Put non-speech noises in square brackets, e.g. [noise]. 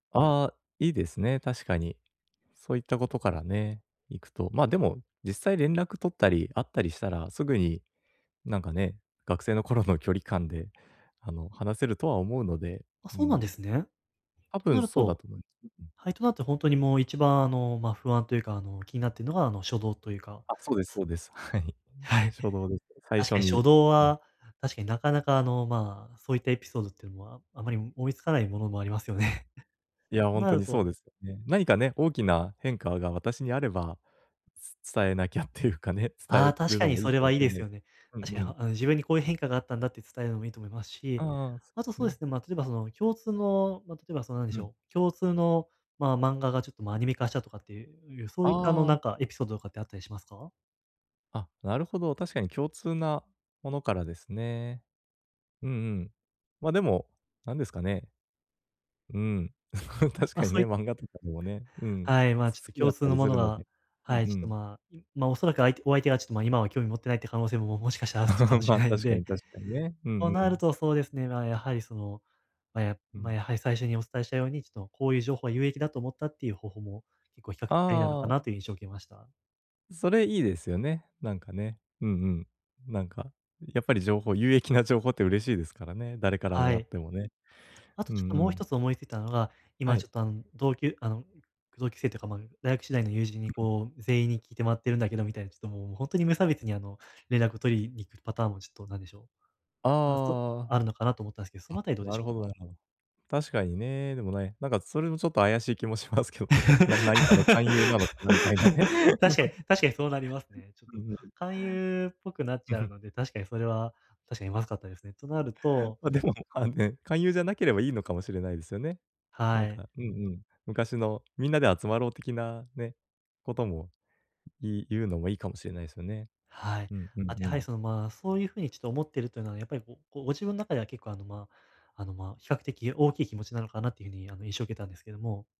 ああ、いいですね、確かに。そういったことからね、いくと。まあ、でも実際連絡取ったり会ったりしたら、すぐに、なんかね、学生の頃の距離感で、あの、話せるとは思うので、あ、うそうなんん。ですね。多とな分るそうだとと思い。[unintelligible] はい、となると、ほんとにもう、一番あの、ま、不安というか、あの、気になってるのが、あの、初動というか。あ、そうですそうです、はい。はい。初動です。最確初かにに。初動うん。は、確かになかなか、あの、まあ、そういったエピソードっていうのはあまり思いつかないものもありますよね。いや、そうほんなとるにそうとですよね。何かね、大きな変化が私にあれば、つ伝えなきゃっていうかね、伝ああ、え確るかのにもいいそれかもはしいいれでなすいよすね。うんう確かにん。ああの自分にこういう変化があったんだって伝えるのもいいと思いますし、ああ、あと、そうでね。すね、ま、例えばその共通の、ま、例えば、その、なんでうしん。ょう、共通の、まあ、漫画がちょっと、ま、アニメ化したとかっていう、そあういった、あの、なんあ。かエピソードとかってあったりしますか？あ、なるほど。確かに共通なものからですね。うんうん。ま、でも、なんですかね。うん。[laughs] 確ま、かそにうね、い漫画とかでもね、うん。はい、まあ、ちょっすと好きだ共っ通たのりもすのるのが、で。うんはい、ちうょっと、ん。まあ、いま、おそらく相手お相手がちょっと、ま、今は興味を持ってないっていう可能性ももしかしたらあちか [laughs] もしまれあ、ないの確かで、に確かにね。うんとうなるん。とそうですね。ま、やはり、その、ま、やうま、ん。やはり最初にお伝えしたように、ちょっとこういう情報は有益だと思った、っていう方法も、結構比較ありなのかあなあ。という印象を受けました。それいいですよね。なんかね。うんうん。なんか、やっぱり情報有益な情報って嬉しいですからね、誰からもはらっい。てもね。あとうちょっんとうもうん。一つ思いついたのが、は今い。ちょっと、あの、同級あの、同級生というか、ま、大学時代の友人に、うん。こう、全員に聞いてもらってるんだけどみたいな、ちょっともう、ほんとに無差別に、あの、連絡を取りにいくパターンも、ちょっと、なんでしょう、あそああ。あるのかなと思ったんですけど、そのあたりどあ、うでなしるょほうどなか？るほど。確かにね。でもね、なんかそれもちょっと怪しい気もしますけどね。な何かの勧誘なのかなみたいなね。[laughs] 確かに確かにそうなりますね。[laughs] ちょっうと、ん。勧誘っぽくなっうん、ちゃふうん。ので、確かにそれは、確かにまずかったですね。となるとま、でも、あんね、勧誘じゃなければいいのかもしれないですよね。なはんい。かうんうん。昔のみんなで集まろう的なね、ことも、い言うのもいいかもしれないですよね。はい。うんうんあ、で、うはい、ん。その、ま、そういう風にちょっと思っているというのはやっぱりごご自分の中では結構、あの、ま、あの、ま、比較的大きい気持ちなのかなっていう風に、あの、印象を受けたんですけども。